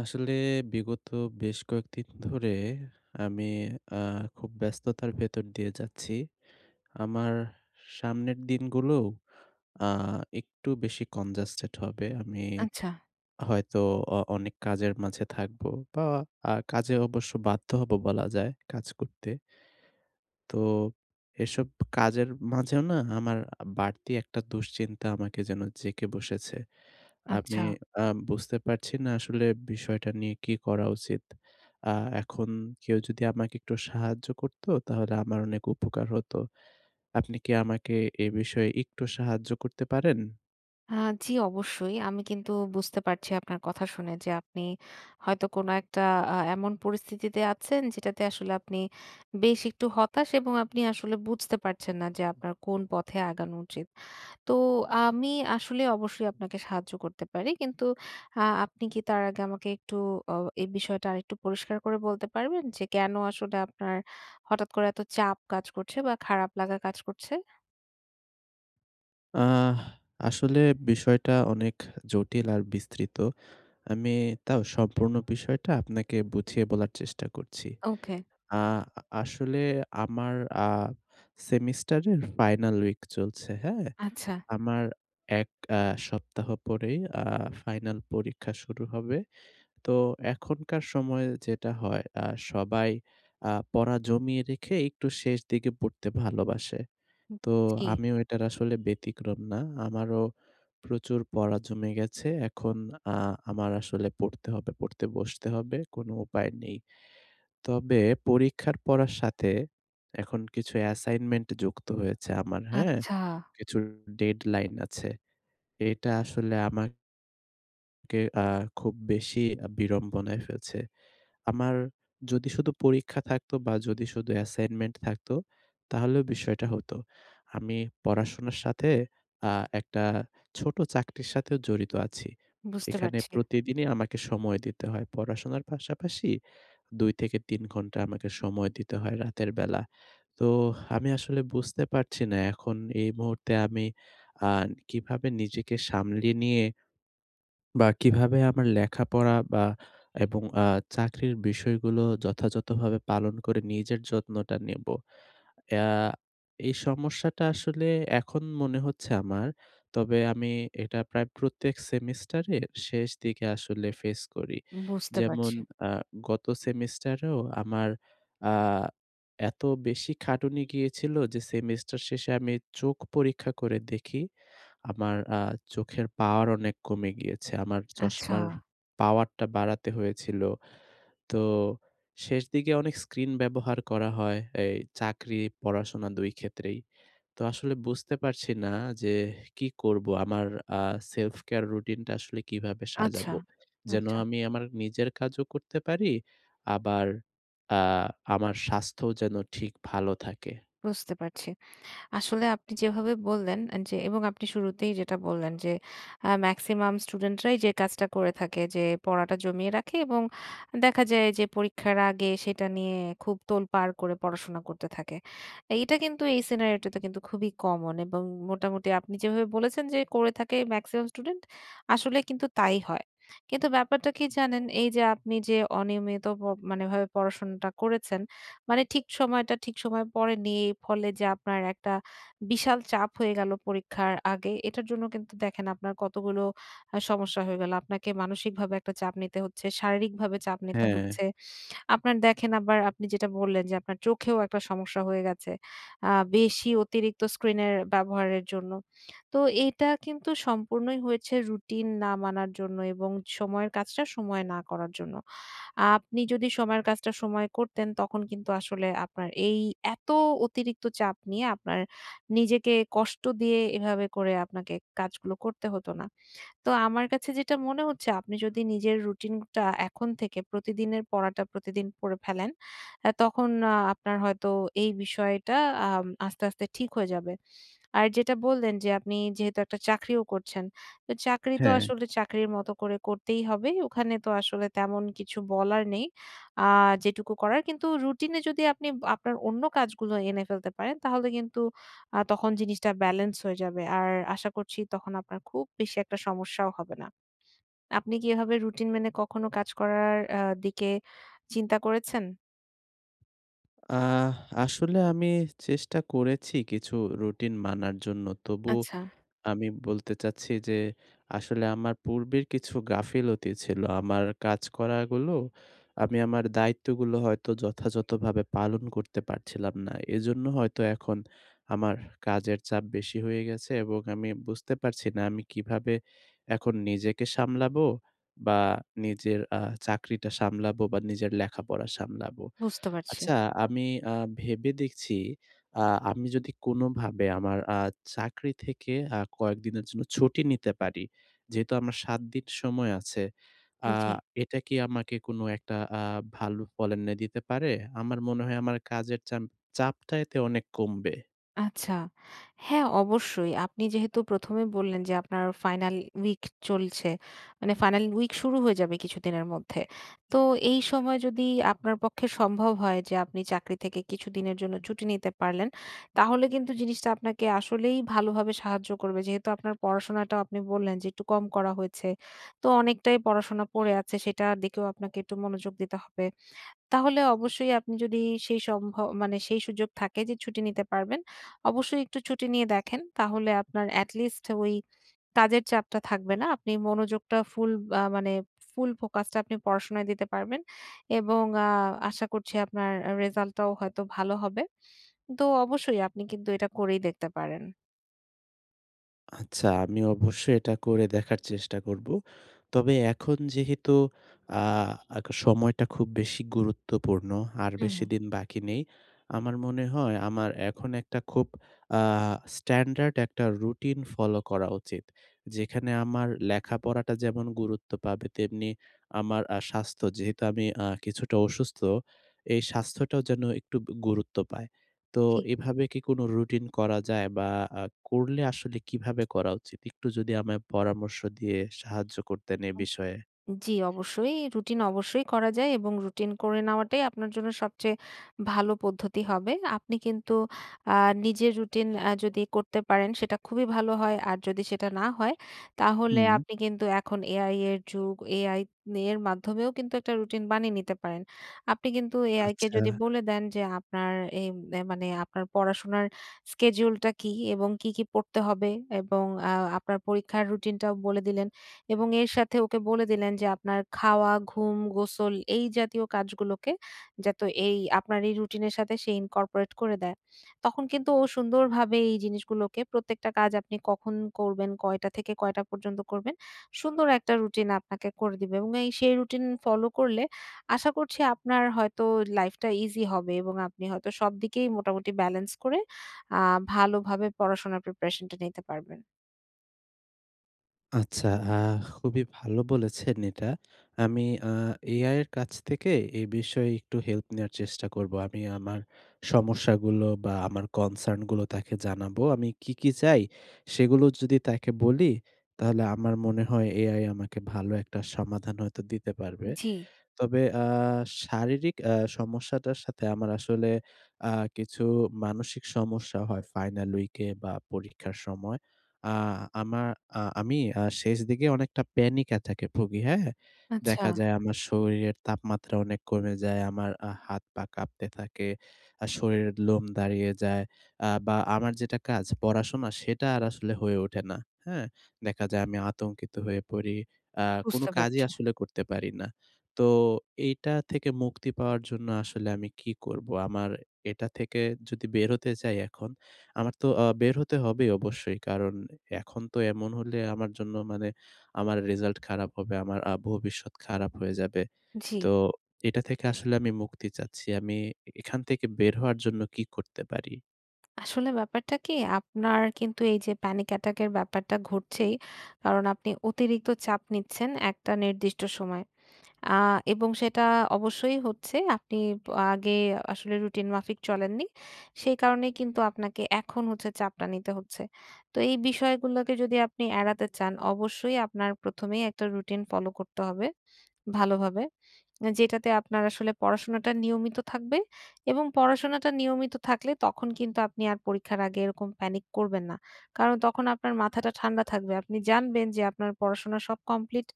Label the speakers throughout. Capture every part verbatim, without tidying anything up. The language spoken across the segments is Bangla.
Speaker 1: আসলে বিগত বেশ কয়েকদিন ধরে আমি অ্যা খুব ব্যস্ততার ভেতর দিয়ে যাচ্ছি। আমার সামনের দিনগুলোও অ্যা একটু বেশি কনজাস্টেড হবে। আমি
Speaker 2: আচ্ছা।
Speaker 1: হয়তো অ অনেক কাজের মাঝে থাকবো বা আর কাজে অবশ্য বাধ্য হবো বলা যায় কাজ করতে। তো এসব কাজের মাঝেও না আমার বাড়তি একটা দুশ্চিন্তা আমাকে যেন জেঁকে বসেছে। আমি
Speaker 2: আচ্ছা।
Speaker 1: অ্যা বুঝতে পারছি না, আসলে বিষয়টা নিয়ে কি করা উচিত। অ্যা এখন কেউ যদি আমাকে একটু সাহায্য করতো তাহলে আমার অনেক উপকার হতো। আপনি কি আমাকে এ বিষয়ে একটু সাহায্য করতে পারেন?
Speaker 2: অ্যা জি অবশ্যই। আমি কিন্তু বুঝতে পারছি আপনার কথা শুনে যে, আপনি হয়তো কোনো একটা আ এমন পরিস্থিতিতে আছেন যেটাতে আসলে আপনি বেশ একটু হতাশ এবং আপনি আসলে বুঝতে পারছেন না যে, আপনার কোন পথে আগানো উচিত। তো, আ আমি আসলে অবশ্যই আপনাকে সাহায্য করতে পারি। কিন্তু আ আপনি কি তার আগে আমাকে একটু অ এই বিষয়টা আরেকটু পরিষ্কার করে বলতে পারবেন যে, কেন আসলে আপনার হঠাৎ করে এত চাপ কাজ করছে বা খারাপ লাগা কাজ করছে?
Speaker 1: আহ! আসলে বিষয়টা অনেক জটিল আর বিস্তৃত। আমি তাও সম্পূর্ণ বিষয়টা আপনাকে বুঝিয়ে বলার চেষ্টা করছি।
Speaker 2: ওকে।
Speaker 1: আ আসলে আমার আ সেমিস্টারের ফাইনাল উইক চলছে, হ্যাঁ?
Speaker 2: আচ্ছা।
Speaker 1: আমার এক আ সপ্তাহ পরেই আ ফাইনাল পরীক্ষা শুরু হবে। তো এখনকার সময় যেটা হয়, আ সবাই আ পড়া জমিয়ে রেখে একটু শেষ দিকে পড়তে ভালোবাসে।
Speaker 2: হু,
Speaker 1: তো,
Speaker 2: জি।
Speaker 1: আমিও এটার আসলে ব্যতিক্রম না। আমারও প্রচুর পড়া জমে গেছে। এখন আ আমার আসলে পড়তে হবে। পড়তে বসতে হবে। কোনো উপায় নেই। তবে পরীক্ষার পড়ার সাথে এখন কিছু অ্যাসাইনমেন্ট যুক্ত হয়েছে আমার, হ্যাঁ?
Speaker 2: আচ্ছা।
Speaker 1: কিছু ডেডলাইন আছে। এটা আসলে আমাক কে আ খুব বেশি আ বিড়ম্বনায় ফেলছে। আমার যদি শুধু পরীক্ষা থাকতো বা যদি শুধু অ্যাসাইনমেন্ট থাকতো তাহলেও বিষয়টা হতো। আমি পড়াশোনার সাথে আ একটা ছোট চাকরির সাথেও জড়িত আছি।
Speaker 2: বুঝতে
Speaker 1: এখানে
Speaker 2: পারছি।
Speaker 1: প্রতিদিনই আমাকে সময় দিতে হয়। পড়াশোনার পাশাপাশি দুই থেকে তিন ঘন্টা আমাকে সময় দিতে হয়, রাতের বেলা। তো, আমি আসলে বুঝতে পারছি না। এখন এই মুহূর্তে আমি আ কিভাবে নিজেকে সামলিয়ে নিয়ে বা কিভাবে আমার লেখাপড়া বা এবং আ চাকরির বিষয়গুলো যথাযথভাবে পালন করে নিজের যত্নটা নিবো? এ আ এই সমস্যাটা আসলে এখন মনে হচ্ছে আমার। তবে আমি এটা প্রায় প্রত্যেক সেমিস্টারের শেষ দিকে আসলে ফেস করি।
Speaker 2: বুঝতে
Speaker 1: যেমন,
Speaker 2: পারছি।
Speaker 1: আ গত সেমিস্টারেও আমার আ এত বেশি খাটুনি গিয়েছিল যে, সেমিস্টার শেষে আমি চোখ পরীক্ষা করে দেখি। আমার আ চোখের পাওয়ার অনেক কমে গিয়েছে। আমার
Speaker 2: আচ্ছা।
Speaker 1: চশমার পাওয়ারটা বাড়াতে হয়েছিল। তো, শেষ দিকে অনেক স্ক্রিন ব্যবহার করা হয়। এই চাকরি, পড়াশোনা দুই ক্ষেত্রেই। তো, আসলে বুঝতে পারছি না যে, কি করবো? আমার আ self-care রুটিনটা আসলে কিভাবে
Speaker 2: আচ্ছা,
Speaker 1: সাজাবো? যেন
Speaker 2: আচ্ছা।
Speaker 1: আমি আমার নিজের কাজও করতে পারি। আবার আ আমার স্বাস্থ্যও যেন ঠিক ভালো থাকে।
Speaker 2: বুঝতে পারছি। আসলে আপনি যেভাবে বললেন আ যে, এবং আপনি শুরুতেই যেটা বললেন। যে, আ ম্যাক্সিমাম স্টুডেন্টরাই যে, কাজটা করে থাকে। যে, পড়াটা জমিয়ে রাখে এবং দেখা যায় যে, পরীক্ষার আগে সেটা নিয়ে খুব তোলপাড় করে পড়াশোনা করতে থাকে। এইটা কিন্তু এই সিনারিওটা তো কিন্তু খুবই কমন এবং মোটামুটি আপনি যেভাবে বলেছেন যে, করে থাকে ম্যাক্সিমাম স্টুডেন্ট। আসলে কিন্তু তাই হয়। কিন্তু ব্যাপারটা কি জানেন? এইযে আপনি যে, অনিয়মিত পো মানে এভাবে পড়াশোনাটা করেছেন, মানে ঠিক সময়টা ঠিক সময় পড়েননি। এই ফলে যে, আপনার একটা বিশাল চাপ হয়ে গেল পরীক্ষার আগে। এটার জন্য কিন্তু দেখেন আপনার কতগুলো আ সমস্যা হয়ে গেল। আপনাকে মানসিকভাবে একটা চাপ নিতে হচ্ছে, শারীরিকভাবে চাপ নিতে
Speaker 1: হ্যাঁ।
Speaker 2: হচ্ছে। আপনার দেখেন আবার আপনি যেটা বললেন যে, আপনার চোখেও একটা সমস্যা হয়ে গেছে। আ বেশি অতিরিক্ত স্ক্রিনের ব্যবহারের জন্য। তো, এইটা কিন্তু সম্পূর্ণই হয়েছে রুটিন না মানার জন্য এবং সময়ের কাজটা সময়ে না করার জন্য। আপনি যদি সময়ের কাজটা সময় করতেন। তখন কিন্তু আসলে আপনার এই এত অতিরিক্ত চাপ নিয়ে আপনার নিজেকে কষ্ট দিয়ে এভাবে করে আপনাকে কাজগুলো করতে হতো না। তো আমার কাছে যেটা মনে হচ্ছে। আপনি যদি নিজের রুটিনটা, এখন থেকে প্রতিদিনের পড়াটা প্রতিদিন পড়ে ফেলেন। এ তখন আ আপনার হয়তো এই বিষয়টা আম আস্তে, আস্তে ঠিক হয়ে যাবে। আর যেটা বললেন যে, আপনি যেহেতু একটা চাকরিও করছেন। তো চাকরি তো
Speaker 1: হ্যাঁ।
Speaker 2: আসলে চাকরির মতো করে করতেই হবে। ওখানে তো আসলে তেমন কিছু বলার নেই। আ যেটুকু করার কিন্তু রুটিনে যদি আপনি ব আপনার অন্য কাজগুলো এনে ফেলতে পারেন। তাহলে কিন্তু আ তখন জিনিসটা ব্যালেন্স হয়ে যাবে। আর আশা করছি তখন আপনার খুব বেশি একটা সমস্যাও হবে না। আপনি কি এভাবে রুটিন মেনে কখনো কাজ করার আ দিকে চিন্তা করেছেন?
Speaker 1: আহ আসলে আমি চেষ্টা করেছি কিছু রুটিন মানার জন্য। তবু
Speaker 2: আচ্ছা।
Speaker 1: আমি বলতে চাচ্ছি যে আসলে আমার পূর্বের কিছু গাফিলতি ছিল। আমার কাজ করা গুলো, আমি আমার দায়িত্বগুলো হয়তো যথাযথভাবে পালন করতে পারছিলাম না। এজন্য হয়তো এখন আমার কাজের চাপ বেশি হয়ে গেছে এবং আমি বুঝতে পারছি না আমি কিভাবে এখন নিজেকে সামলাবো? বা নিজের আ চাকরিটা সামলাবো বা নিজের লেখাপড়া সামলাবো।
Speaker 2: বুঝতে পারছি।
Speaker 1: আচ্ছা আমি আ ভেবে দেখছি। আ আমি যদি কোনোভাবে আমার আ চাকরি থেকে আ কয়েকদিনের জন্য ছুটি নিতে পারি। যেহেতু আমার সাত দিন সময় আছে। আ
Speaker 2: জ্বি।
Speaker 1: এটা কি আমাকে কোনো একটা আ ভালো ফল এনে দিতে পারে? আমার মনে হয় আমার কাজের চাম চাপটা এতে অনেক কমবে।
Speaker 2: আচ্ছা। হ্যাঁ অবশ্যই আপনি যেহেতু প্রথম এ বললেন যে আপনার ফাইনাল উইক চলছে। মানে ফাইনাল উইক শুরু হয়ে যাবে কিছুদিনের মধ্যে। তো এই সময় যদি আপনার পক্ষে সম্ভব হয় যে আপনি চাকরি থেকে কিছুদিনের জন্য ছুটি নিতে পারলেন, তাহলে কিন্তু জিনিসটা আপনাকে আসলেই ভালোভাবে সাহায্য করবে। যেহেতু আপনার পড়াশোনাটাও আপনি বললেন যে একটু কম করা হয়েছে। তো অনেকটাই পড়াশোনা পড়ে আছে সেটার দিকেও আপনাকে একটু মনোযোগ দিতে হবে। তাহলে অবশ্যই আপনি যদি সেই সম্ভ মানে সেই সুযোগ থাকে যে ছুটি নিতে পারবেন। অবশ্যই একটু ছুটি নিয়ে দেখেন। তাহলে আপনার এটলিস্ট ওই কাজের চাপটা থাকবে না। আপনি মনোযোগটা ফুল আ মানে ফুল ফোকাসটা আপনি পড়াশোনায় দিতে পারবেন। এবং আ আশা করছি আপনার আ রেসাল্টটাও হয়তো ভালো হবে। তো অবশ্যই আপনি কিন্তু এটা করেই দেখতে পারেন।
Speaker 1: আচ্ছা, আমি অবশ্যই এটা করে দেখার চেষ্টা করব। তবে এখন যেহেতু আ আ সময়টা খুব বেশি গুরুত্বপূর্ণ। আর
Speaker 2: হু,
Speaker 1: বেশি
Speaker 2: হু।
Speaker 1: দিন বাকি নেই। আমার মনে হয় আমার এখন একটা খুব আ স্ট্যান্ডার্ড একটা রুটিন ফলো করা উচিত। যেখানে আমার লেখাপড়াটা যেমন গুরুত্ব পাবে, তেমনি আমার আ স্বাস্থ্য। যেহেতু আমি আ কিছুটা অসুস্থ, এই স্বাস্থ্যটাও যেন একটু ব গুরুত্ব পায়। তো
Speaker 2: ঠিক।
Speaker 1: এভাবে কি কোন রুটিন করা যায়? বা আ করলে আসলে কিভাবে করা উচিত? একটু যদি আমায় পরামর্শ দিয়ে সাহায্য করতেন এই বিষয়ে।
Speaker 2: জ্বি অবশ্যই। রুটিন অবশ্যই করা যায় এবং রুটিন করে নেওয়াটাই আপনার জন্য সবচেয়ে ভালো পদ্ধতি হবে। আপনি কিন্তু আ নিজের রুটিন অ্যা যদি করতে পারেন সেটা খুবই ভালো হয়। আর যদি সেটা না হয় তাহলে
Speaker 1: হু।
Speaker 2: আপনি কিন্তু এখন AI এর যুগ AI নি এর মাধ্যমেও কিন্তু একটা রুটিন বানিয়ে নিতে পারেন। আপনি কিন্তু AI কে যদি
Speaker 1: আচ্ছা।
Speaker 2: বলে দেন, যে আপনার এম অ্যা মানে আপনার পড়াশোনার স্কেডিউলটা কি এবং কি, কি পড়তে হবে এবং অ্যা আপনার পরীক্ষার রুটিনটাও বলে দিলেন। এবং এর সাথে ওকে বলে দিলেন যে আপনার খাওয়া, ঘুম, গোসল এই জাতীয় কাজগুলোকে যাতো এই আপনার এই রুটিন এর সাথে সে ইনকর্পোরেট করে দেয়। তখন কিন্তু ও সুন্দরভাবে এই জিনিসগুলোকে প্রত্যেকটা কাজ আপনি কখন করবেন, কয়টা থেকে কয়টা পর্যন্ত করবেন। সুন্দর একটা রুটিন আপনাকে করে দিবে। এবং এই, সেই রুটিন ফলো করলে, আশা করছি আপনার হয়তো লাইফটা ইজি হবে এবং আপনি হয়তো সবদিকেই মোটামুটি ব্যালেন্স করে আ ভালোভাবে পড়াশোনার প্রিপারেশনটা নিতে পারবেন।
Speaker 1: আচ্ছা। আ খুবই ভালো বলেছেন এটা। আমি আ AI এর কাছ থেকে এ বিষয়ে একটু হেল্প নেয়ার চেষ্টা করবো। আমি আমার সমস্যাগুলো বা আমার কনসার্ন গুলো তাকে জানাবো। আমি কি, কি চাই সেগুলো যদি তাকে বলি তাহলে আমার মনে হয় AI আমাকে ভালো একটা সমাধান হয়তো দিতে পারবে।
Speaker 2: জি।
Speaker 1: তবে আ শারীরিক অ্যা সমস্যাটার সাথে আমার আসলে আ কিছু মানসিক সমস্যা হয়। ফাইনাল উইক এ বা পরীক্ষার সময়। আ আমা আ আমি আ শেষ দিকে অনেকটা প্যানিক এ থাকে ভুগি হ্যাঁ? দেখা
Speaker 2: আচ্ছা।
Speaker 1: যায় আমার শরীরের তাপমাত্রা অনেক কমে যায়। আমার আহ হাত পা কাঁপতে থাকে। আ শরীরের লোম দাঁড়িয়ে যায়। আ বা আমার যেটা কাজ পড়াশোনা সেটা আর আসলে হয়ে ওঠে না। হ্যাঁ? দেখা যায় আমি আতঙ্কিত হয়ে পড়ি। আ কোনো
Speaker 2: বুঝতে
Speaker 1: কাজই
Speaker 2: পারছি।
Speaker 1: আসলে করতে পারি না। তো এইটা থেকে মুক্তি পাওয়ার জন্য আসলে আমি কী করবো? আমার এটা থেকে যদি বের হতে চাই এখন, আমার তো আ বের হতে হবেই অবশ্যই। কারণ এখন তো এমন হলে আমার জন্য মানে আমার রেজাল্ট খারাপ হবে, আমার আ ভবিষ্যৎ খারাপ হয়ে যাবে।
Speaker 2: জ্বি।
Speaker 1: তো এটা থেকে আসলে আমি মুক্তি চাচ্ছি। আমি এ এখান থেকে বের হওয়ার জন্য কি করতে পারি?
Speaker 2: আসলে ব্যাপারটা কি? আপনার কিন্তু এইযে প্যানিক অ্যাটাক এর ব্যাপারটা ঘটছেই। কারণ আপনি অতিরিক্ত চাপ নিচ্ছেন একটা নির্দিষ্ট সময়। আ এবং সেটা অবশ্যই হচ্ছে। আপনি ব আগে আসলে রুটিন মাফিক চলেননি। সেই কারণেই কিন্তু আপনাকে এখন হচ্ছে চাপটা নিতে হচ্ছে। তো এই বিষয়গুলোকে যদি আপনি এড়াতে চান অবশ্যই আপনার প্রথম এই একটা রুটিন ফলো করতে হবে ভালো ভাবে। যেটাতে আপনার আসলে পড়াশোনাটা নিয়মিত থাকবে এবং পড়াশোনাটা নিয়মিত থাকলে তখন কিন্তু আপনি আর পরীক্ষার আগে এরকম প্যানিক করবেন না। কারণ তখন আপনার মাথাটা ঠান্ডা থাকবে। আপনি জানবেন যে আপনার পড়াশোনা সব কমপ্লিট।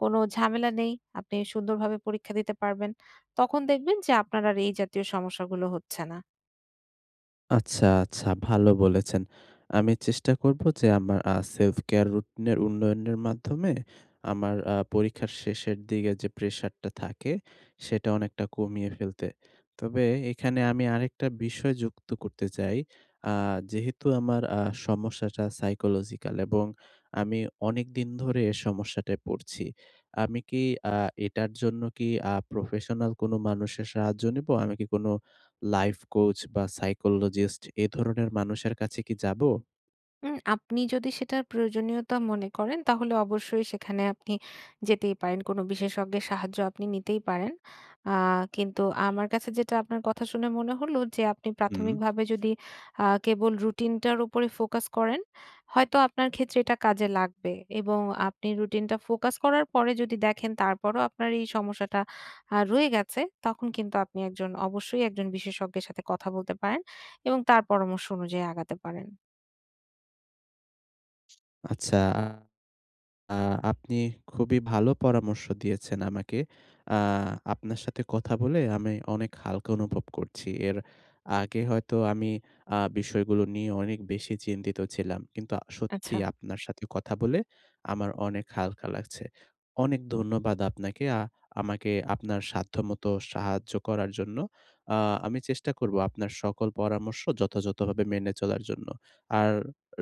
Speaker 2: কোনো ঝামেলা নেই। আপনি সুন্দরভাবে পরীক্ষা দিতে পারবেন। তখন দেখবেন যে আপনার আর এই জাতীয় সমস্যাগুলো হচ্ছে না।
Speaker 1: আচ্ছা, আচ্ছা। ভালো বলেছেন। আমি চেষ্টা করবো যে আমার আ self-care রুটিনের উন্নয়নের মাধ্যমে আমার আ পরীক্ষার শেষের দিগে যে প্রেশারটা থাকে সেটা অনেকটা কমিয়ে ফেলতে। তবে এখানে আমি আরেকটা বিষয় যুক্ত করতে চাই। আ যেহেতু আমার আ সমস্যাটা psychological এবং আমি অনেকদিন ধরে এই সমস্যাটায় পড়ছি। আমি কি আ এটার জন্য কি আ প্রফেশনাল কোনো মানুষের সাহায্য নিবো? আমি কি কোনো লাইফ কোচ বা psychologist এ ধরনের মানুষের কাছে কি যাবো?
Speaker 2: উম আপনি যদি সেটার প্রয়োজনীয়তা মনে করেন, তাহলে অবশ্যই সেখানে আপনি যেতেই পারেন। কোনো বিশেষজ্ঞের সাহায্য আপনি নিতেই পারেন। আ কিন্তু আমার কাছে যেটা আপনার কথা শুনে মনে হলো যে আপনি
Speaker 1: হুম।
Speaker 2: প্রাথমিকভাবে যদি আ কেবল রুটিনটার উপরে ফোকাস করেন। হয়তো আপনার ক্ষেত্রে এটা কাজে লাগবে। এবং আপনি রুটিনটা ফোকাস করার পরে যদি দেখেন তারপরও আপনার এই সমস্যাটা আ রয়ে গেছে তখন কিন্তু আপনি একজন অবশ্যই একজন বিশেষজ্ঞের সাথে কথা বলতে পারেন, এবং তার পরামর্শ অনুযায়ী আগাতে পারেন।
Speaker 1: আচ্ছা। আ আপনি খুবই ভালো পরামর্শ দিয়েছেন আমাকে। আ আপনার সাথে কথা বলে আমি অনেক হালকা অনুভব করছি। এর আগে হয়তো আমি আ বিষয়গুলো নিয়ে অনেক বেশি চিন্তিত ছিলাম। কিন্তু সত্যি
Speaker 2: আচ্ছা।
Speaker 1: আপনার সাথে কথা বলে আমার অনেক হালকা লাগছে। অনেক ধন্যবাদ আপনাকে। আ আমাকে আপনার সাধ্যমত সাহায্য করার জন্য। আ আমি চেষ্টা করবো আপনার সকল পরামর্শ যথাযথভাবে মেনে চলার জন্য। আর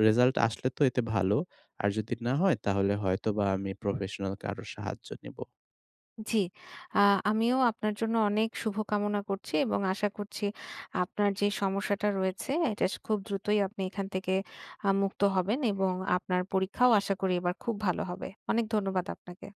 Speaker 1: রেজাল্ট আসলে তো এতে ভালো। আর যদি না হয় তাহলে হয়তোবা আমি প্রফেশনালকে আরও সাহায্য নিবো।
Speaker 2: জি। আ আমিও আপনার জন্য অনেক শুভকামনা করছি এবং আশা করছি আপনার যে সমস্যাটা রয়েছে এটা স খুব দ্রুতই আপনি এখান থেকে আ মুক্ত হবেন এবং আপনার পরীক্ষাও আশা করি এবার খুব ভালো হবে। অনেক ধন্যবাদ আপনাকে।